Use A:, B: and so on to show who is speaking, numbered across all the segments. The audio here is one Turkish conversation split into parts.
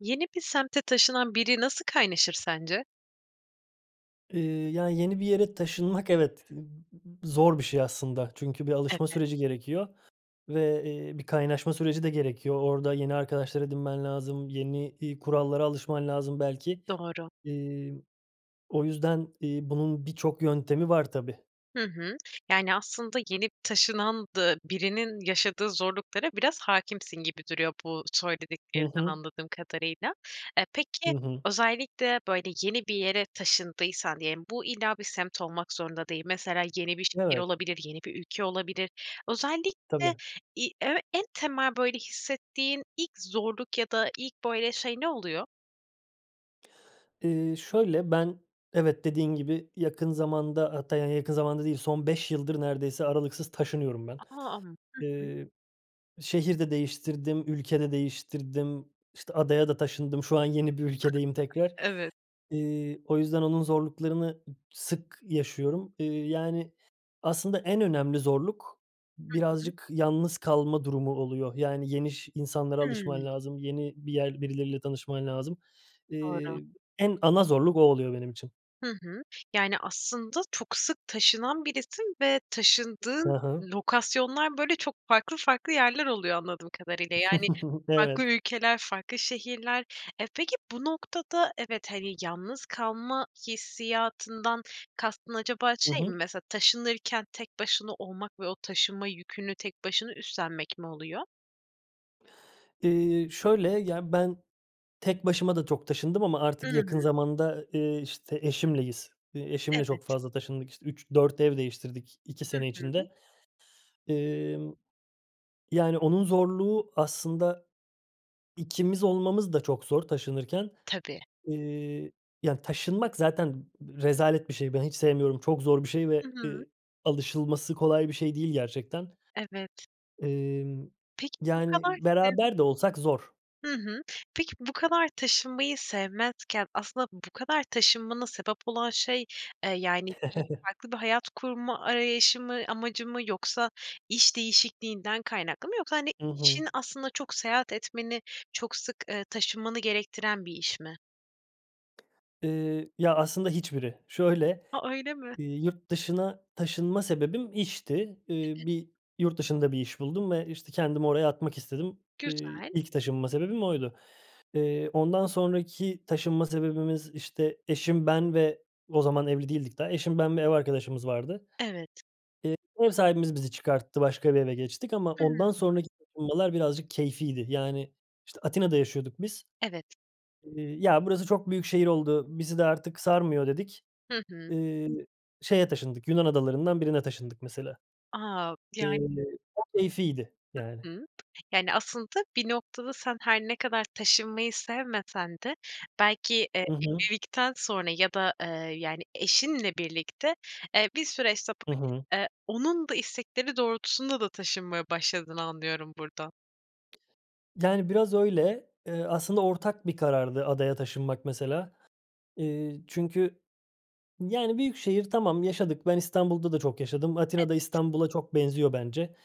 A: Yeni bir semte taşınan biri nasıl kaynaşır sence?
B: Iıı, ya, yeni bir yere taşınmak, evet, zor bir şey aslında. Çünkü bir alışma
A: Evet.
B: süreci gerekiyor ve, eee, bir kaynaşma süreci de gerekiyor. Orada yeni arkadaşlar edinmen lazım. Yeni, iii, kurallara alışman lazım belki.
A: Doğru.
B: İii, o yüzden, iii, bunun birçok yöntemi var tabii.
A: Hı hı. Yani, aslında yeni taşınan da birinin yaşadığı zorluklara biraz hâkimsin gibi duruyor bu
B: Hı
A: söylediklerden
B: hı.
A: anladığım kadarıyla. E,
B: Hı
A: peki
B: hı.
A: özellikle, böyle, yeni bir yere taşındıysan diyelim, bu illa bir semt olmak zorunda değil. Mesela yeni bir şehir
B: Evet.
A: olabilir, yeni bir ülke olabilir. Özellikle
B: Tabii.
A: i ö en temel, böyle, hissettiğin ilk zorluk ya da ilk, böyle, şey ne oluyor?
B: Eee, şöyle, ben evet, dediğin gibi yakın zamanda, hatta, yani, yakın zamanda değil, son 5 yıldır neredeyse aralıksız taşınıyorum ben.
A: A! Hı hı.
B: Eee, şehir de değiştirdim, ülke de değiştirdim, işte, adaya da taşındım. Şu an yeni bir ülkedeyim tekrar.
A: Evet.
B: İii, o yüzden onun zorluklarını sık yaşıyorum. İii, yani, aslında en önemli zorluk
A: Hı hı.
B: birazcık yalnız kalma durumu oluyor. Yani, yeni ş insanlara alışman
A: Hımm.
B: lazım, yeni bir yer birileriyle tanışman lazım.
A: Doğru.
B: Eee, en ana zorluk o oluyor benim için.
A: Hı hı. Yani, aslında çok sık taşınan birisin ve
B: Hı
A: taşındığın
B: hı.
A: lokasyonlar, böyle, çok farklı farklı yerler oluyor anladığım kadarıyla. Yani, farklı
B: Evet.
A: ülkeler, farklı şehirler. E, peki bu noktada evet, hani, yalnız kalma hissiyatından kastın acaba
B: I
A: şey
B: hı.
A: mi? Mesela taşınırken tek başına olmak ve o taşınma yükünü tek başına üstlenmek mi oluyor?
B: Eee, şöyle, ya, ben, tek başıma da çok taşındım ama
A: I
B: artık yakın
A: hı.
B: zamanda, eee, işte, eşimleyiz. Eee, eşimle
A: Evet.
B: çok fazla taşındık. İşte, 3-4 ev değiştirdik 2
A: Hı
B: sene
A: hı.
B: içinde. Emm, yani, onun zorluğu aslında, ikimiz olmamız da çok zor taşınırken.
A: Tabii.
B: Eee, ya, taşınmak zaten rezalet bir şey. Ben, hiç sevmiyorum, çok zor bir şey
A: Hı
B: ve,
A: hı.
B: eee, alışılması kolay bir şey değil gerçekten.
A: Evet.
B: Emm,
A: Peki, bu
B: yani,
A: kadar senin
B: beraber de olsak zor.
A: Hı hı. Peki, bu kadar taşınmayı sevmezken aslında bu kadar taşınmana sebep olan şey, eee, yani, bir farklı bir hayat kurma arayışı mı, amacı mı yoksa iş değişikliğinden kaynaklı mı? Yoksa, hani,
B: Hı hı.
A: işin aslında çok seyahat etmeni, çok sık, eee, taşınmanı gerektiren bir iş mi?
B: Eee, ya, aslında, hiçbiri. Şöyle,
A: A! Öyle mi?
B: iii, yurt dışına taşınma sebebim, işti. Eee, bir yurt dışında bir iş buldum ve, işte, kendimi oraya atmak istedim. Eee,
A: Güzel.
B: ilk taşınma sebebim oydu. Eee, ondan sonraki taşınma sebebimiz, işte, eşim, ben ve o zaman evli değildik daha. Eşim, ben ve ev arkadaşımız vardı.
A: Evet.
B: Eee, ev sahibimiz bizi çıkarttı, başka bir eve geçtik ama
A: Hıı.
B: ondan sonraki taşınmalar birazcık keyfiydi. Yani, işte, Atina'da yaşıyorduk biz.
A: Evet.
B: Eee, "Ya, burası çok büyük şehir oldu, bizi de artık sarmıyor" dedik.
A: Hı hı.
B: Eee, şeye taşındık, Yunan adalarından birine taşındık mesela.
A: A!
B: Eee,
A: Yani
B: o keyfiydi
A: Hı
B: yani.
A: hı. Yani, aslında bir noktada sen her ne kadar taşınmayı sevmesen de belki, eee,
B: I hı.
A: evlilikten sonra ya da, eee, yani, eşinle birlikte, eee, bir süre
B: Hı
A: [unintelligible]
B: hı.
A: eee, onun da istekleri doğrultusunda da taşınmaya başladığını anlıyorum buradan.
B: Yani, biraz öyle. Eee, aslında ortak bir karardı adaya taşınmak mesela. Eee, çünkü, yani, büyük şehir tamam, yaşadık. Ben İstanbul'da da çok yaşadım. Atina da
A: [unintelligible]
B: İstanbul'a çok benziyor bence.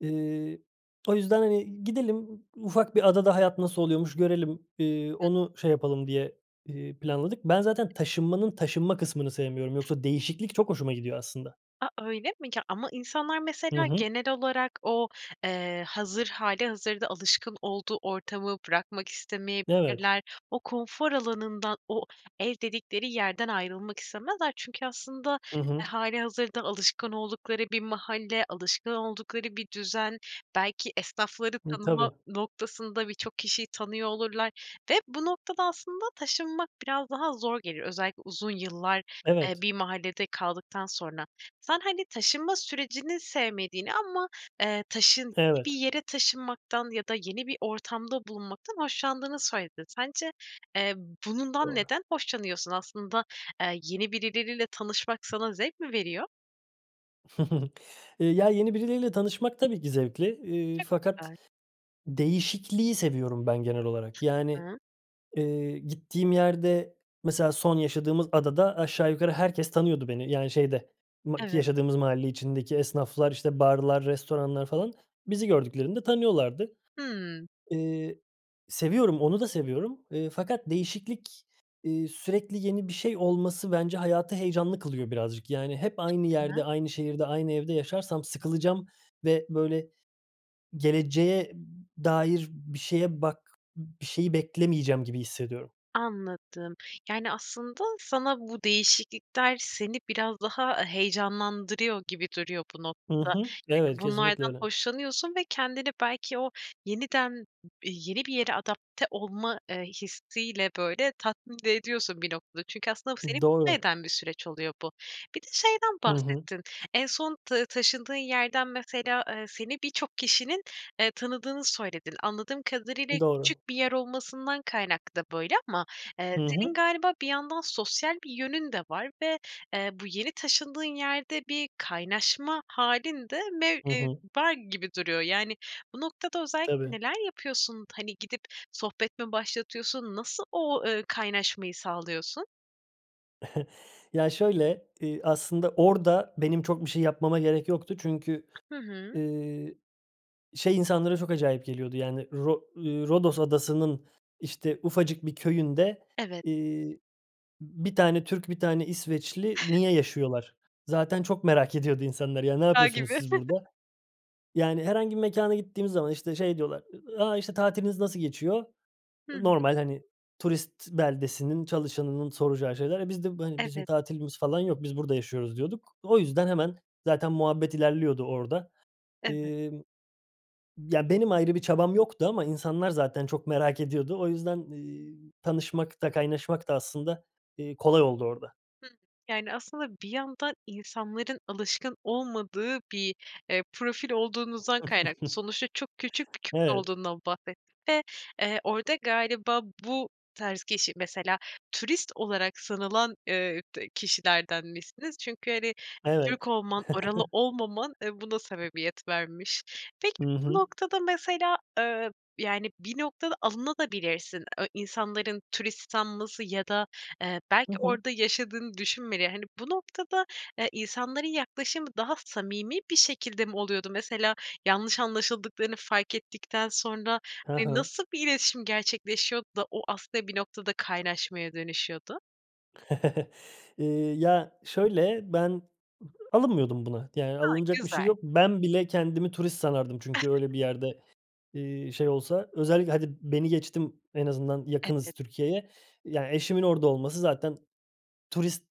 B: Eee, o yüzden, hani, gidelim, ufak bir adada hayat nasıl oluyormuş görelim, eee,
A: Hı.
B: onu şey yapalım diye, eee, planladık. Ben zaten taşınmanın taşınma kısmını sevmiyorum. Yoksa değişiklik çok hoşuma gidiyor aslında.
A: A, öyle mi? Ya, ama insanlar
B: Hı
A: mesela
B: hı.
A: genel olarak o, eee, hazır, hâlihazırda alışkın olduğu ortamı bırakmak
B: Evet.
A: istemeyebilirler. O konfor alanından, o ev dedikleri yerden ayrılmak istemezler çünkü aslında,
B: Hı hı.
A: eee, hâlihazırda alışkın oldukları bir mahalle, alışkın oldukları bir düzen, belki esnafları
B: Hı,
A: tanıma
B: tabii.
A: noktasında birçok kişiyi tanıyor olurlar ve bu noktada aslında taşınmak biraz daha zor gelir. Özellikle uzun yıllar, eee,
B: Evet.
A: bir mahallede kaldıktan sonra. Sen, hani, taşınma sürecini sevmediğini ama, eee, taşın gi bir
B: Evet.
A: yere taşınmaktan ya da yeni bir ortamda bulunmaktan hoşlandığını söyledin. Sence, eee, bundan
B: Doğru.
A: neden hoşlanıyorsun? Aslında, eee, yeni birileriyle tanışmak sana zevk mi veriyor?
B: Ya yeni birileriyle tanışmak tabii ki zevkli, eee,
A: Çok
B: fakat
A: güzel.
B: değişikliği seviyorum ben genel olarak. Yani,
A: [unintelligible]
B: eee, gittiğim yerde, mesela son yaşadığımız adada aşağı yukarı herkes tanıyordu beni yani şeyde, ma ki
A: Evet.
B: yaşadığımız mahalle içindeki esnaflar, işte barlar, restoranlar falan. Bizi gördüklerinde tanıyorlardı.
A: Hıı.
B: Eee, seviyorum, onu da seviyorum, eee, fakat değişiklik, eee, sürekli yeni bir şey olması bence hayatı heyecanlı kılıyor birazcık. Yani hep aynı
A: [unintelligible]
B: yerde, aynı şehirde, aynı evde yaşarsam sıkılacağım ve böyle geleceğe dair bir şeye bak bir şeyi beklemeyeceğim gibi hissediyorum.
A: Anladım. Yani aslında sana bu değişiklikler seni biraz daha heyecanlandırıyor gibi duruyor bu
B: Hı
A: noktada.
B: hı. Evet,
A: Yani
B: kesinlikle
A: bunlardan
B: öyle.
A: hoşlanıyorsun ve kendini, belki, o yeniden yeni bir yere adapte olma, eee, hissi ile böyle tatmin de ediyorsun bir noktada. Çünkü aslında bu seni
B: Doğru.
A: mutlu bir süreç oluyor, bu. Bir de şeyden
B: Hı hı.
A: bahsettin. En son ta taşındığın yerden, mesela, eee, seni birçok kişinin, eee, tanıdığını söyledin. Anladığım kadarıyla
B: Doğru.
A: küçük bir yer olmasından kaynaklı da böyle ama, eee,
B: Hı
A: senin
B: hı.
A: galiba bir yandan sosyal bir yönün de var ve, eee, bu yeni taşındığın yerde bir kaynaşma hâlin de mev
B: Hı
A: eee,
B: hı.
A: var gibi duruyor. Yani bu noktada özellikle
B: Tabii.
A: neler yapıyorsun? Hani gidip sohbet mi başlatıyorsun? Nasıl o, eee, kaynaşmayı sağlıyorsun?
B: Ya şöyle, iii, aslında orada benim çok bir şey yapmama gerek yoktu çünkü,
A: Hı hı.
B: ııı, şey insanlara çok acayip geliyordu yani Ro ııı, Rodos Adası'nın işte ufacık bir köyünde,
A: Evet.
B: iii, bir tane Türk, bir tane İsveçli niye yaşıyorlar? Zaten çok merak ediyordu insanlar ya. Ne
A: [unintelligible]
B: yapıyorsunuz
A: Gibi.
B: siz burada? Yani herhangi bir mekâna gittiğimiz zaman işte şey diyorlar, ı a işte "Tatiliniz nasıl geçiyor?"
A: Hıı.
B: Normal, hani, turist beldesinin, çalışanının soracağı şeyler. E biz de, bu, hani "Bizim
A: Evet.
B: tatilimiz falan yok, biz burada yaşıyoruz." diyorduk. O yüzden hemen zaten muhabbet ilerliyordu orada.
A: Evet.
B: Emm, ya benim ayrı bir çabam yoktu ama insanlar zaten çok merak ediyordu. O yüzden, eee, tanışmak da kaynaşmak da, aslında, ııı, kolay oldu orada.
A: Hımm. Yani aslında, bir yandan insanların alışkın olmadığı bir, eee, profil olduğunuzdan kaynaklı. Sonuçta çok küçük köy
B: Evet.
A: olduğundan bahsettin ve, eee, orada galiba bu tarz kişi, mesela turist olarak sanılan, ııı, d kişilerdenmişsiniz. Çünkü, hani,
B: Evet.
A: Türk olman, oralı olmaman, eee, buna sebebiyet vermiş. Peki
B: Hı
A: bu
B: hı.
A: noktada mesela, eee, yani bir noktada alınabilirsin de e insanların turist sanması ya da, eee, belki
B: Hı hı.
A: orada yaşadığını düşünmeleri. Hani bu noktada, eee, insanların yaklaşımı daha samimi bir şekilde mi oluyordu? Mesela yanlış anlaşıldıklarını fark ettikten sonra
B: Hı
A: hani,
B: hı.
A: nasıl bir iletişim gerçekleşiyordu da o aslında, bir noktada kaynaşmaya dönüşüyordu?
B: Eee, ya şöyle, ben ı alınmıyordum buna. Yani
A: A!
B: alınacak bir şey
A: Güzel.
B: yok. Ben bile kendimi turist sanardım çünkü öyle bir yerde, eee, şey olsa. Özellikle hadi beni geçtim, en azından
A: Evet.
B: yakınız Türkiye'ye. Yani eşimin orada olması zaten turist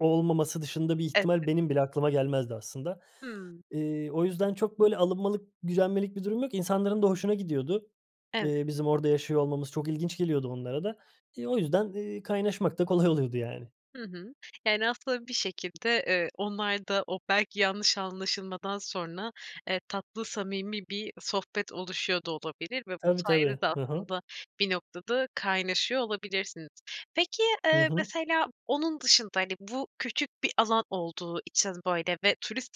B: olmaması dışında bir
A: Evet.
B: ihtimal benim bile aklıma gelmezdi aslında.
A: Hımm.
B: Eee, o yüzden çok böyle alınmalık, gücenmelik bir durum yok. İnsanların da hoşuna gidiyordu,
A: Evet.
B: eee, bizim orada yaşıyor olmamız çok ilginç geliyordu onlara da. Eee, o yüzden, eee, kaynaşmak da kolay oluyordu yani.
A: Hı hı. Yani aslında, bir şekilde, eee, onlar da o belki yanlış anlaşılmadan sonra, eee, tatlı samimi bir sohbet oluşuyor da olabilir ve bu
B: Tabii tabii.
A: sayede de
B: Hı hı.
A: aslında, bir noktada kaynaşıyor olabilirsiniz. Peki,
B: Hı
A: eee,
B: hı.
A: mesela onun dışında, hani, bu küçük bir alan olduğu için böyle ve turist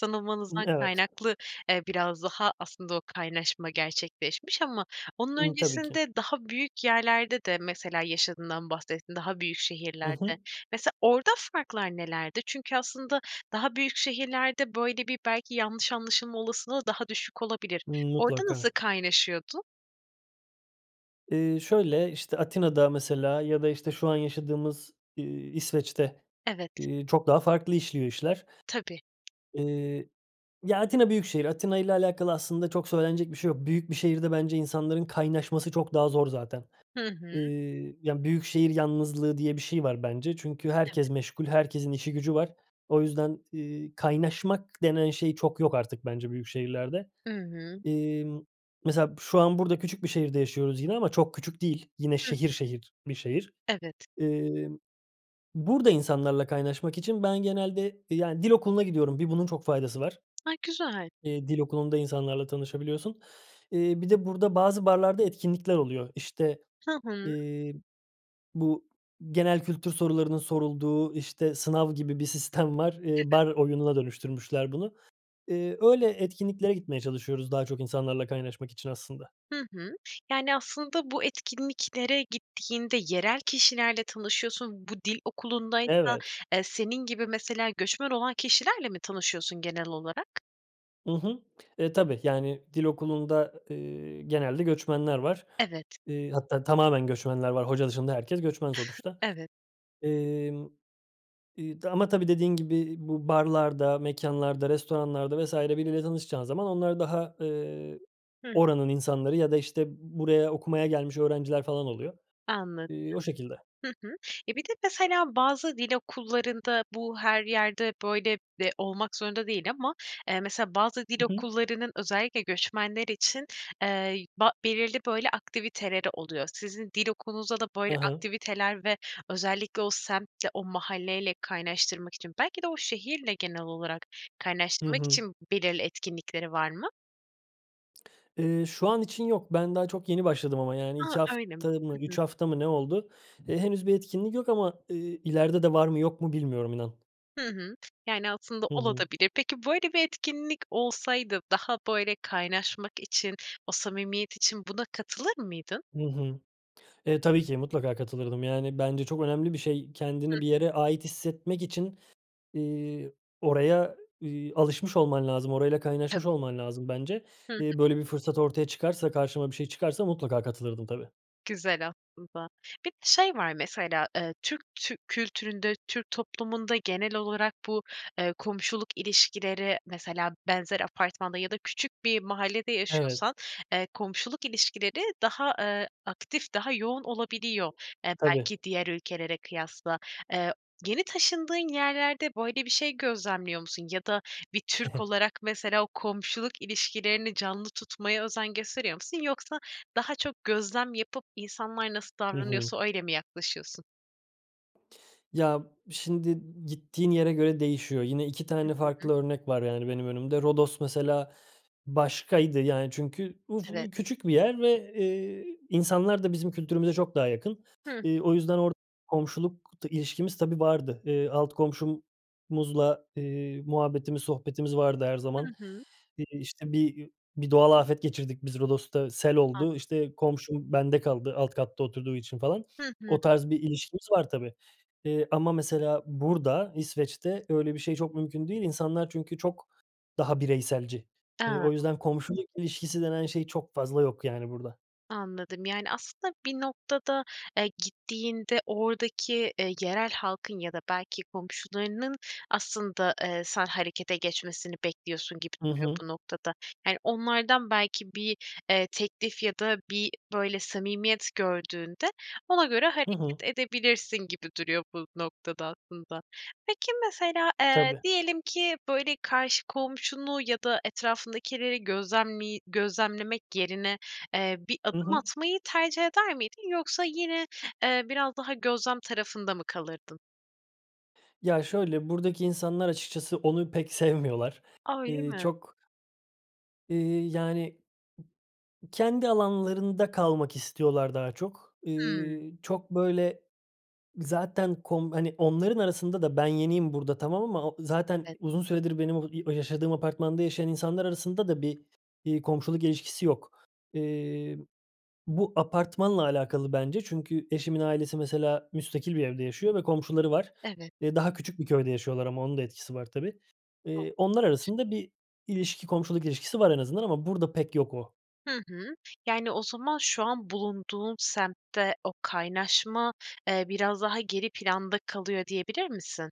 B: Imm,
A: sanılmanızdan
B: evet.
A: kaynaklı, eee, biraz daha aslında o kaynaşma gerçekleşmiş ama onun
B: Imm, tabii ki.
A: öncesinde daha büyük yerlerde de mesela yaşadığından bahsettin, daha büyük
B: Hı
A: şehirlerde.
B: hı.
A: Mesela orada farklar nelerdi? Çünkü aslında daha büyük şehirlerde böyle, bir, belki yanlış anlaşılma olasılığı daha düşük olabilir. Orada
B: Mutlaka.
A: nasıl kaynaşıyordun?
B: Iıı, şöyle, işte, Atina'da mesela ya da, işte, şu an yaşadığımız, ııı, İsveç'te,
A: Evet.
B: ııı, çok daha farklı işliyor işler.
A: Tabii.
B: Iıı, ya Atina büyük şehir. Atina'yla alakalı aslında çok söylenecek bir şey yok. Büyük bir şehirde bence insanların kaynaşması çok daha zor zaten.
A: Hı hı.
B: Iıı, ya, büyük şehir yalnızlığı diye bir şey var bence çünkü
A: Evet.
B: herkes meşgul, herkesin işi gücü var. O yüzden, ııı, kaynaşmak denen şey çok yok artık bence büyük şehirlerde.
A: I hı.
B: Emm, mesela şu an, burada küçük bir şehirde yaşıyoruz yine ama çok küçük değil. Yine
A: Hıh.
B: şehir şehir bir şehir.
A: Evet.
B: Iıı, burada insanlarla kaynaşmak için ben genelde, yani, dil okuluna gidiyorum. Bir bunun çok faydası var.
A: A, güzel.
B: Eee, dil okulunda insanlarla tanışabiliyorsun. Iıı, bir de burada bazı barlarda etkinlikler oluyor. İşte,
A: Hı hı.
B: eee, bu genel kültür sorularının sorulduğu, işte, sınav gibi bir sistem var. Iıı,
A: [unintelligible]
B: bar oyununa dönüştürmüşler bunu. Iıı, öyle etkinliklere gitmeye çalışıyoruz daha çok insanlarla kaynaşmak için aslında.
A: Hı hı. Yani, aslında bu etkinliklere gittiğinde yerel kişilerle tanışıyorsun. Bu dil okulundaysa,
B: Evet.
A: eee, senin gibi mesela göçmen olan kişilerle mi tanışıyorsun genel olarak?
B: I hı. E, tabii. Yani dil okulunda, eee, genelde göçmenler var.
A: Evet.
B: Eee, hatta tamamen göçmenler var. Hoca dışında herkes göçmen sonuçta,
A: Evet.
B: emm, eee, ama tabii, dediğin gibi bu barlarda, mekânlarda, restoranlarda vs. biriyle tanışacağın zaman onlar daha, eee,
A: Hı.
B: oranın insanları ya da, işte, b buraya okumaya gelmiş öğrenciler falan oluyor.
A: Anladım.
B: Eee, o şekilde.
A: Hı hı. Ya, bir de mesela bazı dil okullarında bu her yerde, böyle, eee, olmak zorunda değil ama, eee, mesela bazı dil
B: I hı.
A: okullarının özellikle göçmenler için, eee, yü ba belirli, böyle, aktiviteleri oluyor. Sizin dil okulunuzda da böyle
B: Ha ha.
A: aktiviteler ve özellikle o semtle, o mahalle ile kaynaştırmak için belki de o şehirle genel olarak
B: Hı
A: kaynaştırmak
B: hı.
A: için b belirli etkinlikleri var mı?
B: Eee, şu an için yok. Ben daha çok yeni başladım ama, yani,
A: Ha,
B: 2
A: öyle mi?
B: hafta mı,
A: Hı hı.
B: 3 hafta mı ne oldu. Eee, henüz bir etkinlik yok ama, eee, ileride de var mı, yok mu bilmiyorum, inan.
A: Hı hı, yani, aslında
B: Hı
A: ola da
B: hı.
A: bilir. Peki böyle bir etkinlik olsaydı daha, böyle, kaynaşmak için o samimiyet için buna katılır mıydın?
B: Hı hı. Eee, tabii ki. Mutlaka katılırdım. Yani, bence çok önemli bir şey. Kendini bir yere
A: [unintelligible]
B: ait hissetmek için, eee, oraya, iii, alışmış olman lazım, orayla kaynaşmış
A: [unintelligible]
B: olman lazım bence.
A: Hı hı.
B: Eee, böyle, bir fırsat ortaya çıkarsa, karşıma bir şey çıkarsa mutlaka katılırdım, tabii.
A: Güzel aslında. Bir de şey var mesela, eee, Türk tü kültüründe, Türk toplumunda genel olarak bu, eee, komşuluk ilişkileri, mesela benzer apartmanda ya da küçük bir mahallede
B: Evet.
A: yaşıyorsan, eee, komşuluk ilişkileri daha, eee, aktif, daha yoğun olabiliyor, eee,
B: Tabii.
A: belki diğer ülkelere kıyasla. Eee, yeni taşındığın yerlerde böyle bir şey gözlemliyor musun? Ya da bir Türk olarak mesela o komşuluk ilişkilerini canlı tutmaya özen gösteriyor musun? Yoksa daha çok gözlem yapıp insanlar nasıl
B: Hı hı.
A: davranıyorsa öyle mi yaklaşıyorsun?
B: Ya, şimdi gittiğin yere göre değişiyor. Yine 2
A: Hı
B: tane
A: hı.
B: farklı örnek var yani benim önümde. Rodos mesela başkaydı, yani, çünkü uf u
A: Evet.
B: küçük bir yer ve, eee, insanlar da bizim kültürümüze çok daha yakın.
A: Hıh.
B: Eee, o yüzden orada komşuluk t ilişkimiz, tabii, vardı. Eee, alt komşumuzla, eee, muhabbetimiz, sohbetimiz vardı her
A: Hı
B: zaman.
A: hı.
B: İii, işte bir, iii, bir doğal afet geçirdik biz Rodos'ta, sel
A: Ha.
B: oldu. İşte komşum bende kaldı alt katta oturduğu için falan.
A: Hı hı.
B: O tarz bir ilişkimiz var, tabii, eee, ama mesela burada İsveç'te öyle bir şey çok mümkün değil. İnsanlar çünkü çok daha bireyselci. Eee,
A: A.
B: o yüzden komşuluk ilişkisi denen şey çok fazla yok yani burada.
A: Anladım. Yani, aslında bir noktada, eee, gittiğinde oradaki, eee, yerel halkın ya da belki komşularının aslında, eee, sen harekete geçmesini bekliyorsun gibi
B: Hı
A: duruyor
B: hı.
A: bu noktada. Yani, onlardan belki bir, eee, teklif ya da bir, böyle, samimiyet gördüğünde, ona göre
B: Hı
A: hareket
B: hı.
A: edebilirsin gibi duruyor bu noktada aslında. Peki mesela, eee,
B: Tabii.
A: diyelim ki, böyle, karşı komşunu ya da etrafındakileri gözlemli gözlemlemek yerine, eee, bir
B: Hı
A: adım
B: hı.
A: atmayı tercih eder miydin? Yoksa yine, eee, biraz daha gözlem tarafında mı kalırdın?
B: Ya şöyle, buradaki insanlar açıkçası onu pek sevmiyorlar.
A: A, öyle
B: Eee
A: mi?
B: çok eee, yani kendi alanlarında kalmak istiyorlar daha çok.
A: Hımm.
B: Eee, çok böyle zaten kom hani onların arasında da ben yeniyim burada tamam ama u zaten
A: Evet.
B: uzun süredir benim o i o yaşadığım apartmanda yaşayan insanlar arasında da bir, eee, komşuluk ilişkisi yok. Eee, bu apartmanla alakalı bence çünkü eşimin ailesi, mesela, müstakil bir evde yaşıyor ve komşuları var.
A: Evet.
B: Eee, daha küçük bir köyde yaşıyorlar ama onun da etkisi var tabii. Eee, onlar
A: [unintelligible]
B: arasında bir ilişki, komşuluk ilişkisi var en azından ama burada pek yok o.
A: Hı hı. Yani o zaman şu an bulunduğun semtte o kaynaşma, eee, biraz daha geri planda kalıyor, diyebilir misin?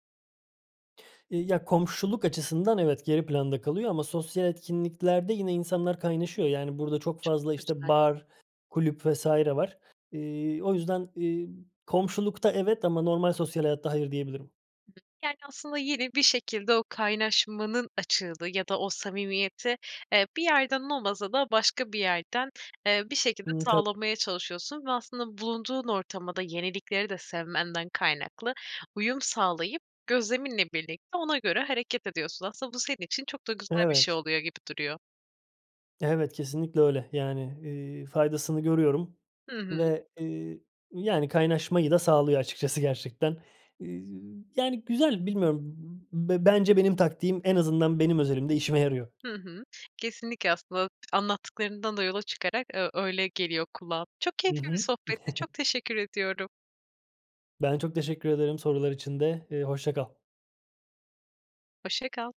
B: İii, ya komşuluk açısından evet, geri planda kalıyor ama sosyal etkinliklerde yine insanlar kaynaşıyor yani burada çok
A: Çok
B: fazla, işte,
A: güzel.
B: bar, kulüp vs. var. Eee, o yüzden, iii, komşulukta evet ama normal sosyal hayatta hayır, diyebilirim.
A: Yani aslında yine bir şekilde o kaynaşmanın açığını ya da o samimiyeti, eee, bir yerden olmasa da başka bir yerden, eee, bir şekilde
B: Hımm. Ta
A: sağlamaya çalışıyorsun ve aslında bulunduğun ortama da yenilikleri de sevmenden kaynaklı uyum sağlayıp gözleminle birlikte ona göre hareket ediyorsun. Aslında bu senin için çok da güzel bir şey
B: Evet.
A: oluyor gibi duruyor.
B: Evet, kesinlikle öyle. Yani, eee, faydasını görüyorum
A: Hı hı.
B: ve, eee, yani kaynaşmayı da sağlıyor açıkçası gerçekten. İii, yani güzel, bilmiyorum. Be bence benim taktiğim en azından benim özelimde işime yarıyor.
A: Hı hı. Kesinlikle, aslında anlattıklarından da yola çıkarak, eee, öyle geliyor kulağa. Çok
B: Hı
A: keyifli bir
B: hı.
A: sohbetti. Çok teşekkür ediyorum.
B: Ben çok teşekkür ederim sorular için de. Eee, hoşça kal.
A: Hoşça kal.